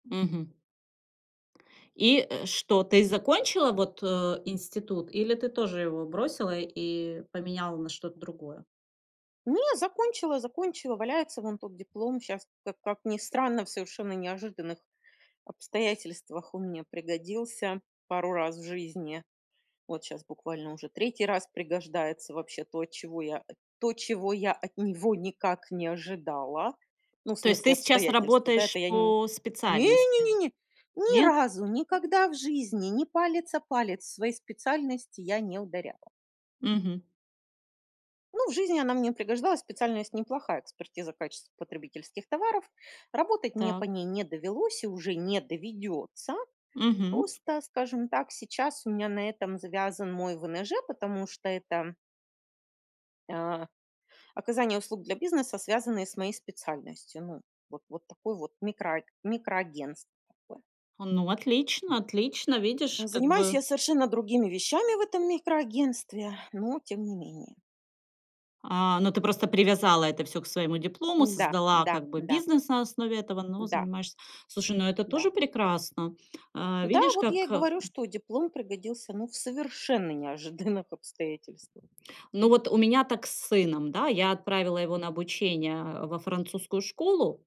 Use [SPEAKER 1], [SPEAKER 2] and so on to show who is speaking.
[SPEAKER 1] Мгм. И, э, что, ты закончила вот, э, институт или ты тоже его бросила и поменяла на что-то другое?
[SPEAKER 2] Не, закончила, закончила, валяется вон тот диплом. Щас ка как ни странно, в совершенно неожиданных обстоятельствах он мне пригодился пару раз в жизни. Вот щас буквально уже третий раз пригождается вообще то, чего я то чего я от него никак не ожидала. Ну, в
[SPEAKER 1] То есть ты
[SPEAKER 2] смысле
[SPEAKER 1] сейчас
[SPEAKER 2] обстоятельства, да
[SPEAKER 1] работаешь
[SPEAKER 2] это я Н
[SPEAKER 1] по специальности,
[SPEAKER 2] не-не-не, ни
[SPEAKER 1] нет?
[SPEAKER 2] разу никогда в жизни ни палец о палец в своей специальности я не ударяла.
[SPEAKER 1] Мгм.
[SPEAKER 2] Ну, в жизни она мне пригождалась, специальность неплохая- экспертиза качества потребительских товаров. Работать мне по
[SPEAKER 1] Так.
[SPEAKER 2] ней не довелось и уже не доведётся.
[SPEAKER 1] Мгм.
[SPEAKER 2] Просто, скажем так, сейчас у меня на этом завязан мой ВНЖ, потому что это а оказание услуг для бизнеса, связанные с моей специальностью. Ну вот вот такое вот микро микроагентство такое.
[SPEAKER 1] Ну, отлично отлично, видишь, как
[SPEAKER 2] Занимаюсь
[SPEAKER 1] бы.
[SPEAKER 2] я совершенно другими вещами в этом микроагентстве, но тем не менее.
[SPEAKER 1] А, ну, ты просто привязала это всё к своему диплому,
[SPEAKER 2] Да,
[SPEAKER 1] создала
[SPEAKER 2] да,
[SPEAKER 1] как бы
[SPEAKER 2] да.
[SPEAKER 1] бизнес на основе этого, но
[SPEAKER 2] Да.
[SPEAKER 1] занимаешься Слушай, ну, это тоже
[SPEAKER 2] Да.
[SPEAKER 1] прекрасно. А,
[SPEAKER 2] Да.
[SPEAKER 1] видишь,
[SPEAKER 2] Вот я и
[SPEAKER 1] как
[SPEAKER 2] говорю, что диплом пригодился, ну, в совершенно неожиданных обстоятельствах.
[SPEAKER 1] Ну, вот у меня так с сыном, да, я отправила его на обучение во французскую школу